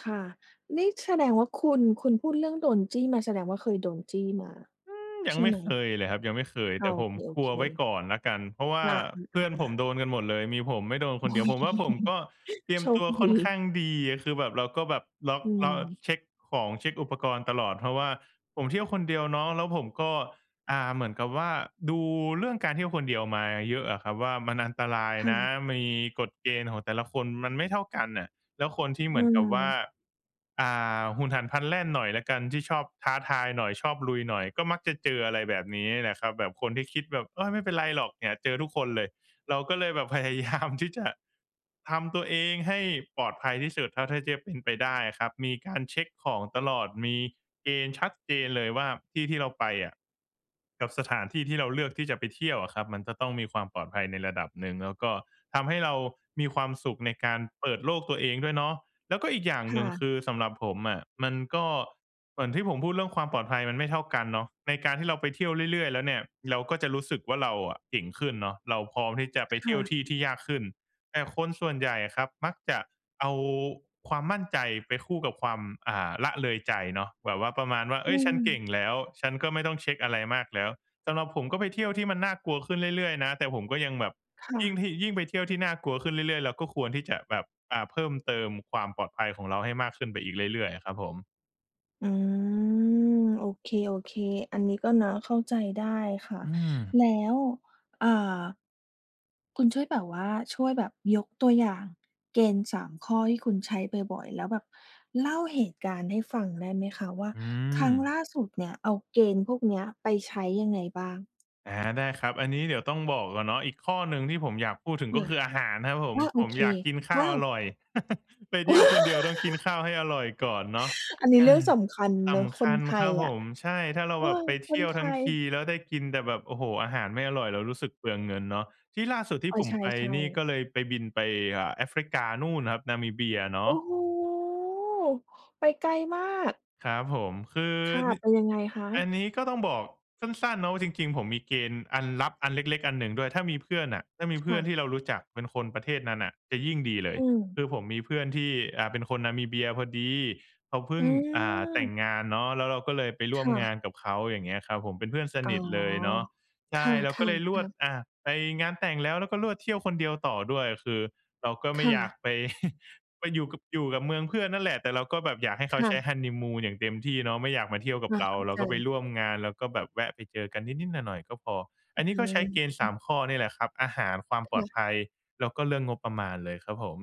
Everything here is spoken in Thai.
ค่ะ นี่แสดงว่าคุณ คุณพูดเรื่องโดนจี้มา แสดงว่า เคยโดนจี้มาอืม ยใัชง่ไมไ่หม? เคยเลยครับ ยังไม่เคย อแ้ตอ ่ผมโอกลเค ัวไว้ๆ ก่อนละกัน เพราะว่าอา เพื่อนผๆ มๆ ๆ โดนกันหมดเลย มีผมไม่โดนคโอนเ้ ดียว ผมดวี ่าผมก็เตรียโมชตคัวดค่ี อนข้างดี คือแบบเราก็แบบล็อก อืเราม เช็กของเช็กอุปกรณ์ตลอด เพราะว่าผมเที่ยวคนเดียวเนาะ แล้วผมก็ อ่า เหมือนกับว่าดูเรื่องการเที่ยวคนเดียวมาเยอะอะครับว่า มันอันตรายค่นะ ะ มีกฎเกณฑ์ของแต่ละคนมันไม่เท่ากันน่ะ แล้วคนที่เหอืมือนกับว่า อ อ่า หุนหันพลันแล่นหน่อยแล้วกันที่ชอบท้าทายหน่อยชอบลุยหน่อย ก็มักจะเจออะไรแบบนี้แหละครับ แบบคนที่คิดแบบ โอ้ ไม่เป็นไรหรอกเนี่ยเจอทุกคนเลย เราก็เลยแบบพยา ยาม ที่จะทำตัวเองให้ปลอดภัยที่สุดเท่าที่จะเป็นไปได้อะครับ มีการเช็กของตลอด มีเกณฑ์ชัดเจนเลยว่า ที่ที่เราไปอะ กับสถานที่ที่เราเลือกที่จะไปเที่ยวอะครับ มันจะต้องมีความปลอดภัยในระดับหนึ่ง แล้วก็ทำให้เรามีความสุขในการเปิดโลกตัวเองด้วยเนาะ แล้วก็อีกอย่างคหน่ึ่ง คะ ือสำหรับผมอะ มันก็เหมือนที่ผมพูดเรื่องความปลอดภัยมันไม่เท่ากันเนาะ ในการที่เราไปเที่ยวเรื่อย ๆ แล้วเนี่ย เราก็จะรู้สึกว่า เราอะเก่งขึ้นเนาะ เราพร้อมที่จะไปคเที่่ยวะ ที่ที่ยากขึ้น แต่คนส่วนใหญ่อะครับมักจะเอาความมั่นใจไปคู่กับความ อ่า ละเลยใจเนาะ แบบว่าประมาณว่า เออื๊ย ฉันเกม ่งแล้ว ฉันก็ไม่ต้องเช็กอะไรมากแล้ว สำหรับผมก็ไปเที่ยวที่มันน่ากลัวขึ้นเรื่อย ๆ นะ แต่ผมก็ยังแบบค่ยิ่งะ ที่ ยิ่งไปเที่ยวที่น่ากลัวขึ้นเรื่อย ๆ เราก็ควรที่จะแบบ อ่า เพิ่มเติมความปลอดภัยของเราให้มากขึ้นไปอีกเรื่อย ๆ อะครับผม อืม โอเค ๆ อันนี้ก็เนาะเข้าใจได้ค่ะ อืม แล้ว อ่า คุณช่วยแบบว่าช่วยแบบยกตัวอย่างเกณฑ์ 3 ข้อที่คุณใช้บ่อย ๆ แล้วแบบเล่าเหตุการณ์ให้ฟังได้ไหมคะ? ว่า อืครั้งลม ่าสุดเนี่ย เอาเกณฑ์พวกนี้ไปใช้ยังไงบ้าง? อา ได้ครับ อันนี้เดี๋ยวต้องบอกก่อนเนาะ อีกข้อหนึ่งที่ผมอยากพูดถึง ก็คืออาหารครับผอม า โอผมเค อยากกินข้อาว้าอว! ร่อย ไปเที่ยวคนเดียวต้องกินข้าวให้อร่อยก่อนเนาะ อันนีเ้อเรื่ออ งสำคัญสเนาะ ำคคนัญไทครัยบผอะ ม ใช่ ถ้าเราเออ แบบไปเคที่นยวไททั้งย ที แล้วได้กินแต่แบบ โอ้โฮ! อาหารไม่อร่อยเรารู้สึกเปลืองเงินเนาะ ที่ล่าสุดที่อ้อ ผใมไปช่ นี่ๆ ก็เลยไป บินไป เอ่อ แอฟริกานู่นครับ นามิเบียเนโาอ้ะ โฮ ไปไกลมาก ครับผม คือค่ะ นิ ไปยังไงคอัะ? นนี้ก็ต้องบอกสั้น ๆ เนาะว่าจริง ๆ ผมมีเกณฑ์อันลับอันเล็ก ๆ อันหนึ่งด้วย ถ้ามีเพื่อนน่ะ ถ้ามีเพคื่่อนะ ที่เรารู้จักเป็นคนประเทศนั้นน่ะจะยิ่งดีเลอย ืม คือผมมีเพื่อนที่ อ่า เป็นคนนามิเบียพอดีเขาเพิอ่ืง อ่า แต่งม งานเนาะ แล้วเราก็เลยไปรค่วม่งาะ นกับเขา อย่างเงี้ยครับผม เป็นเพื่อนสอ๋นอ ิทเลยเนาะ ใคช่ ่ะ เราก็เลยรวด ๆ ๆ อ่า ไปงานแต่งแล้ว แล้วก็รวด เที่ยวคนเดียวต่อด้วย คือเราก็ไมค่่อยากะ ไป ไปอยู่กับ อยู่กับเมืองเพื่อนนั่นแหละ แต่เราก็แบบอยากให้เคขา่ใะ ช้ฮันนีมูนอย่างเต็มที่เนาะ ไม่อยากมาเที่ยวกัคบ่ะ เรา เข้าเราใก็ไปจ ร่วมงาน แล้วก็แบบแวะไปเจอกันนิด ๆ หน่อย ๆ ก็พอ ออัื้นอนีฮ้ืก็ใช้เกณฑ์ สาอ ม ข้อนี่แหละครับ อาหาร ความปลอค่ดะ ภัย แล้วก็เรื่องงบประมาณเลยครับผม